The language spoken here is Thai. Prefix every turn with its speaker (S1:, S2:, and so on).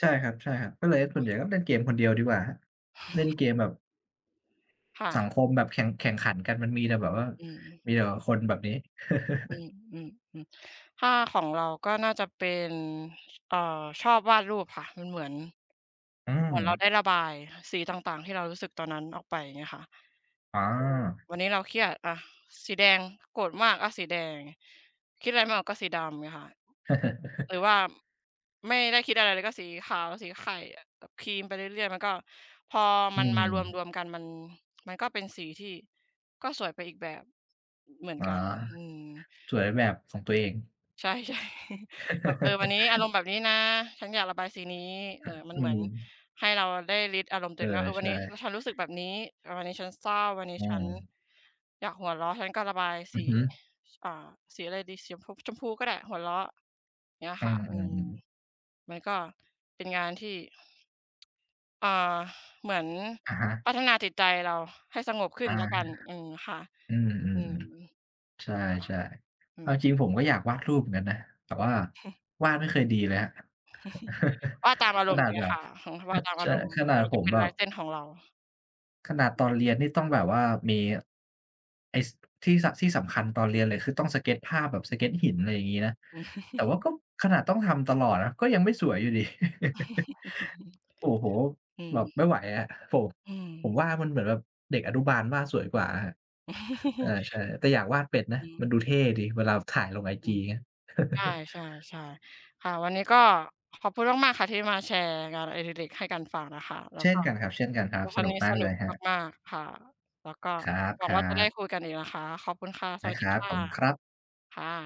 S1: ใช่ครับ ๆ ก็เลยส่
S2: อ
S1: ว
S2: า
S1: นใหญ่ก็เล่นเกมคนเดียวดีกว่าครับ เล่นเกมแบบ
S2: ค่
S1: สั
S2: ะ
S1: งคมแบบแข่ง แข่งขันกันมันมีแต่แบบว่า
S2: อืม
S1: มีแต่แบบคนแบบนี้
S2: อืม ๆ ๆ ถ้าของเราก็น่าจะเป็น เอ่อ ชอบวาดรูปค่ะ มันเหมือน
S1: อื
S2: เหมือนเราไ
S1: ม
S2: ด้ระบายสีต่าง ๆ ที่เรารู้สึกตอนนั้นออกไป อย่างเงี้ยค่ะ
S1: อา
S2: เออ วันนี้เราเครียด อ้าว สีแดง โกรธมากอะสีแดง คิดอะไรไม่ออกก็สีดำ เงี้ยค่ะ หรือว่าไม่ได้คิดอะไรเลยก็สีขาว สีไข่อะกับครีมไปเรื่อย ๆ มันก็พอ
S1: อ
S2: ม
S1: ื
S2: ันมาร
S1: ม
S2: วม ๆ กันมัน มันก็เป็นสีที่ก็สวยไปอีกแบบ เหมือน
S1: อ๋อ
S2: กัน อืม
S1: สวยแบบของตัวเอง
S2: ใช่ ๆ แบบ เออ วันนี้อารมณ์แบบนี้นะ ฉันอยากระบายสีนี้ เอ่อ มัน
S1: อื
S2: เหมือน
S1: ม
S2: ให้เราได้ลิสต์อารมณ์ตั
S1: เ
S2: ว
S1: อ
S2: เอ
S1: อ
S2: งว่า เออ ว
S1: ใ
S2: ั
S1: ช
S2: นนี้ว่
S1: ่
S2: าฉันรู้สึกแบบนี้ เออ วันนี้ฉันเศร้า วันนี้
S1: อื
S2: ฉัน
S1: ม
S2: อยากหัวเราะ ฉันก็ระบาย
S1: อ
S2: ส
S1: ื
S2: ี
S1: อฮึ
S2: อ่า สีอะไรดี สีชมพู ชมพูก็ได้ หัวเราะ เงี้ย
S1: เออ
S2: ค่ะ อ
S1: ๆ
S2: ื
S1: อื
S2: ม
S1: ม
S2: มันก็เป็นงานที่ เอ่อ เหมือน
S1: อะฮะ
S2: พัฒนาจิตใจเราให้สงบขึ้
S1: อะ
S2: นแล้
S1: ฮ
S2: วกั
S1: ะ
S2: น อืม ค่ะ
S1: อื
S2: อื
S1: ม
S2: ม
S1: ๆ ๆ ใช่
S2: ค่ะ อื
S1: ๆ เอา
S2: ม
S1: จริงผมก็อยากวาดรูปเหมือนกันนะ แต่ว่าวาดไม่เคยดีเลยครับ
S2: วาดตามอา
S1: ข
S2: รมณ
S1: น
S2: ์
S1: า
S2: อย่
S1: ด
S2: างเงี
S1: แ
S2: ้
S1: บ
S2: ย
S1: บ
S2: ค่ะ วาดตาม
S1: ใ
S2: อ
S1: ช
S2: า
S1: ่
S2: รมณ์
S1: ขนา
S2: ม
S1: ด
S2: ัน
S1: ผ
S2: จะ
S1: ม
S2: เป็น
S1: แบ
S2: ลา
S1: บ
S2: ยเส้นของเรา
S1: ขนาดตอนเรียนนี่ต้องแบบว่า มี ไอ้ ส ที่สะ ที่สำคัญตอนเรียนเลย คือต้องสเกตช์ภาพแบบ สเกตช์หิน อะไรออย่างงี้นะ แต่ว่าก็ขนาดต้องทำตลอดนะ ก็ยังไม่สวยอยู่ดี โอ้โฮ!
S2: อื
S1: แบ
S2: ม
S1: บไม่ไหวอะ โผ่
S2: อื
S1: ผม
S2: ม
S1: ว่ามันเหมือนแบบเด็กอนุบาลวาดสวยกว่าอะครับ อา ใช่ แต่อยากวาดเป็ดน
S2: อ
S1: ะ
S2: ื
S1: ม
S2: ม
S1: ันดูเท่ดีเวลาแบบถ่ายลงไอ
S2: อื
S1: จี
S2: ม
S1: อย่างเงี้ย
S2: ใช่ ๆ ๆ ค่ะ วันนี้ก็ขอบคุณมาก ๆ ค่ะ ที่มาแชร์งานอดิเรกให้กันฟังอะค่ะ แล้
S1: เช
S2: ว
S1: ่
S2: ก
S1: น
S2: ็
S1: กันครับ เช่นกันครั
S2: ก
S1: บ
S2: ็ค
S1: ส
S2: ราว
S1: นุ
S2: น
S1: ก
S2: ี้
S1: มา
S2: ส
S1: ก
S2: น
S1: เ
S2: ุ
S1: ล
S2: ก
S1: ยครับ
S2: มาก ๆ ค่ะ แล้วก็
S1: คร
S2: หวัง
S1: ั
S2: ว่าจะได้
S1: บ ๆ
S2: คุยกันอีกนะคะ ขอบคุณค่ะ ส
S1: น
S2: วั
S1: ะ
S2: ส
S1: ค
S2: ดี
S1: รับ
S2: ค่
S1: ข
S2: ะ
S1: อบคุณครับ
S2: ค่ะ